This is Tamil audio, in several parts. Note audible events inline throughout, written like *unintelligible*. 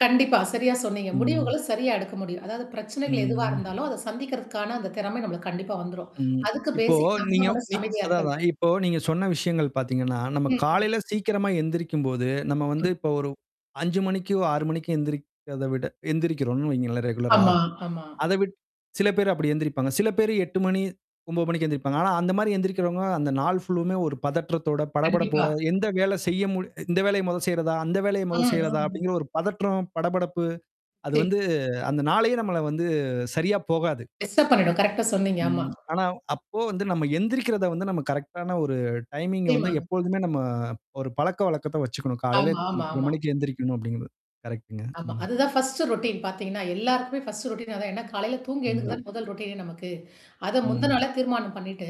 கண்டிப்பா. சரியா சொன்னீங்க. ம். முடிவுகளும் சரியா எடுக்க முடியும். அதாவது பிரச்சனைகள் எதுவா ம். இருந்தாலும், அத சந்திக்கிறதுக்கான அந்த திறமை நம்மளுக்கு கண்டிப்பா வந்துரும். ம். *clicks tongue* அதுக்கு இப்போ பேசிக் நம்ப நீங்க மனசு நீ அமைதியா அதான் இருக்கறது. அதான் இப்போ நீங்க சொன்ன விஷயங்கள் பாத்தீங்கன்னா, நம்ம ம் ம். காலையில சீக்கிரமா எந்திரிக்கும்போது, நம்ம வந்து ம். இப்ப ஒரு 5:00 மணிக்கு, 6:00 மணிக்கு எந்திரிக்கத விட எந்திரிக்கிறோம்னு வைங்களேன், ரெகுலரா. ஆமா ஆமா. அத விட் சில பேரு அப்படி எந்திரிப்பாங்க. சில பேரு மணி 8:00 மணி 9:00 மணிக்கு எந்திரிப்பாங்க. ஆனா அந்த மாரி எந்திரிக்கிறவங்க அந்த நாள் ஃபுல்லுமே ஒரு பதற்றத்தோட, படபடப்போட கண்டிப்பா. எந்த வேல செய்ய முடிய "இந்த வேலைய மொத செய்றதா? அந்த வேலைய அ மொத ஆ. செய்றதா?" அப்படிங்கிற ஒரு பதற்றம், படபடப்பு அது சரி. வந்து அந்த நாளயே நம்மள வந்து சரியா போகாது. எக்ஸ்ட்ரா பண்ணிடும். கரெக்ட்டா சொன்னீங்க! ஆமா. ம். ஆனா அப்போ வந்து, நம்ம எந்திரிக்கிறத வந்து நம்ம கரெக்ட்டான ஒரு டைமிங்க வந்து, *unintelligible* எப்பொழுதுமே நம்ம ஒரு பழக்கவழக்கத்த வச்சுக்கணும். காலையில ஆமா ஆமா இத்தன ஆமா. மணிக்கு எந்திரிக்கணும் அப்படிங்கிறது. கரெக்ட்டுங்க. ஆமா. ம். அதுதான் ஃபர்ஸ்ட்டு ரொட்டீன் பாத்தீங்கன்னா. எல்லாருக்குமே ஃபர்ஸ்ட்டு ரொட்டீன் அதான். ஏன்னா, காலையில தூங்கி எழுந்துக்கறது ம். தானே, முதல் ரொட்டீன் நமக்கு. அது முந்துன ம். நாளே தீர்மானம் பண்ணீட்டு,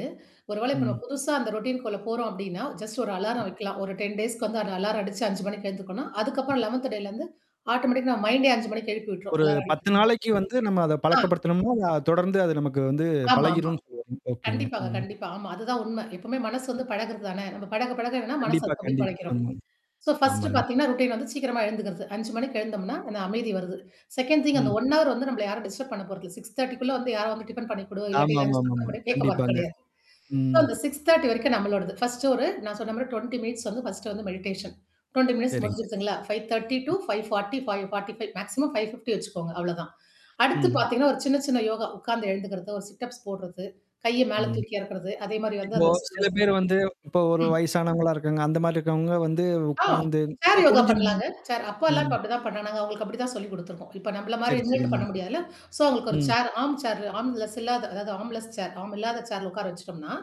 ஒரு வேளை இப்ப நம்ம ம். புதுசா அந்த ரொட்டீனக்குள்ள போறோம் அப்படின்னா, ஜஸ்ட் ஒரு ம். அலாரம் வக்கலாம். ஒரு 10 டேஸ்க்கு வந்து அந்த அலாரம் அடிச்சு 5:00 மணிக்கு எழுந்துக்கோனும், ம் அதுக்கப்புறம் ம் 11த் டேலருந்து ஆட்டோமேட்டிக்கா நம்ம மைண்டே 5:00 மணிக்கு எழுப்பி விட்டு்ரும். ஒரு அலாரம் 10 அடிக்கறத்து முன்னா நாளைக்கு வந்து நம்ம அத ஆ. பழக்கப்படுத்தணும்ன்னா, தொடர்ந்து அது நமக்கு வந்து ஆமாமா. பழகிரும்ன்னு சொல்ல வர்றீங்க. ஓகேங்க. கண்டிப்பாங்க ம். கண்டிப்பா. ஆமா. அதுதான் உண்மை. எப்பவுமே மனசு ம். வந்து பழகுறது தானே! நம்ம பழக பழக என்னான்னா மனசு கண்டிப்பா, அதுக்கு அப்படியே கண்டிப் ஆ பழக்கிரும். ஸோ ஃபர்ஸ்ட்டு ஆமாங்க. *clicks tongue* பாத்தீங்கன்னா, ரொட்டீன் வந்து சீக்கிரமா எழுந்துக்கிறது. 5:00 மணிக்கு எழுந்தோம்னா, என்னா? அமைதி வருது. செகண்ட் திங் அந்த ம். 1 ஹவர் வந்து நம்பள யாரும் டிஸ்டரப் பண்ண போறதில்ல. 6.30குள்ள வந்து யாரும் வந்து டிஃபென் பண்ணிக்குடு? இல்லாட்டி ஆமா மா, லஞ்ச் ஆமா ப்ரிப்பேர் மா. பண்ணு கேக்க மாட் கண்டிப்பாங்க. கெடயாது சோ ம். அந்த 6.30 வரைக்கும் நம்மளோடது ஃபர்ஸ்ட்டு ஒரு நான் சொன்ன மாரி 20 மினிட்ஸ் வந்து ஃபர்ஸ்ட்டு வந்து மெடிடேஷன். 20 மினிட்ஸ் சரிங்க. முடிஞ்சிருச்சுங்களா? 5.30 டூ ம். 5.45 மேக்ஸிமம் 5.50 வச்சுக்கோங்க அவ்வளோதான். அடுத்து ம்ஹ்ம், பாத்தீங்கன்னா, ஒரு சின்ன சின்ன யோகா உக்கார்ந்து எழுந்துக்கிறது, ஒரு சிட்அப்ஸ் போடுறது, கைய மேல ம். தூக்கி எறக்கறது, அதே மாரி வந்து இப்போ அந்த *unintelligible* சில ஆசனா பேர் வந்து இப்போ ஒரு ம். வயசானவங்களா இருக்காங்க. அந்த மாரி இருக்கவங்க வந்து, ஆ. உக்காந்து சேர் இல்ல யோகா குனிஞ்சு நிம் பண்ணலாங்க. சேர் அப்பால்லாம் ம். இப்ப அப்படிதான் பண்ணானாங்க. அவுங்களுக்கு அப்படி தான் சொல்லிக் குடுத்துருக்கோம். இப்ப நம்பள மாரி சரி நின்னுட்டு சரிங்க. பண்ண முடியாதுல! *sniffs* சோ அவுங்களுக்கு ஒரு ம். Chair arm chair armless இல்லாத அதாவது ஆர்ம் லெஸ் சேர் ஆர்ம் இல்லாத சேர்ல உக்கார வச்சுட்டோம்னா,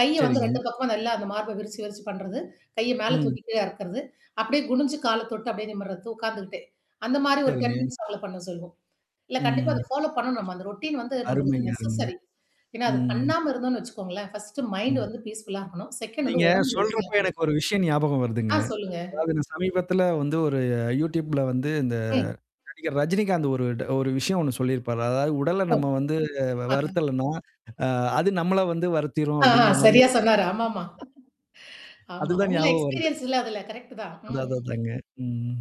கைய வந்து சரிங்க. 2 பக்கமும் நல்லா அந்த மார்ப விரிச்சு விரிச்சு பண்றது, கைய மேல ம். தூக்கி கீழ இறக்கறது, அப்படியே குணிஞ்சு கால தொட்டு அப்படியே நிமிர்றது, உக்காந்துக்கிட்டே. அந்த மாரி ஒரு டென் சரிங்க. மினிட்ஸ் ஃபாலோ பண்ண சொல்லணும். இல்ல கண்டிப்பா ம். அத ஃபாலோ பண்ணணும். நம்ம அந்த ரொட்டீன் வந்து நம்ளுக்கு அருமைங்க அருமைங்க. நெசஸரி. ஏன்னா, அது ம். பண்ணாம இருந்தோம்ன்னு வச்சுக்கோங்களேன். ஃபர்ஸ்ட்டு மைண்ட் ம். வந்து பீஸ்ஃபுல்லா இருக்கணும். செகண்ட் வந்து நீங்க உடம்பு சொல்றப்ப, ஹெல்தியாகனும் எனக்கு ஒரு விஷயம் ஞாபகம் வருதுங்க. ஆ சொல்லுங்க. அதாவது இந்த சமீபத்தில வந்து, ஒரு YouTubeல வந்து இந்த ம். நடிகர் ரஜினிகாந்த் ஒரு ஒரு விஷயம் ஒண்ணு சொல்லியிருப்பாரு. அதாவது உடல ஓ! நம்ம வந்து வ அஹ, வருத்தலன்னா, அ அது நம்மள வந்து வருத்திரும் ஆ ஆ, அப்படிங்கிற மாரி சரியா ஒரு டய சொன்னாரு. ஆமாமா. *laughs* ஆமா. அதுதான் அவங்கள்லாம் ஞாபகம் வருது. எக்ஸ்பீரியன்ஸ் இல்ல! அதுல. கரெக்ட்டு தான். அதா ம் அதா ம். அதாங்க. ம்.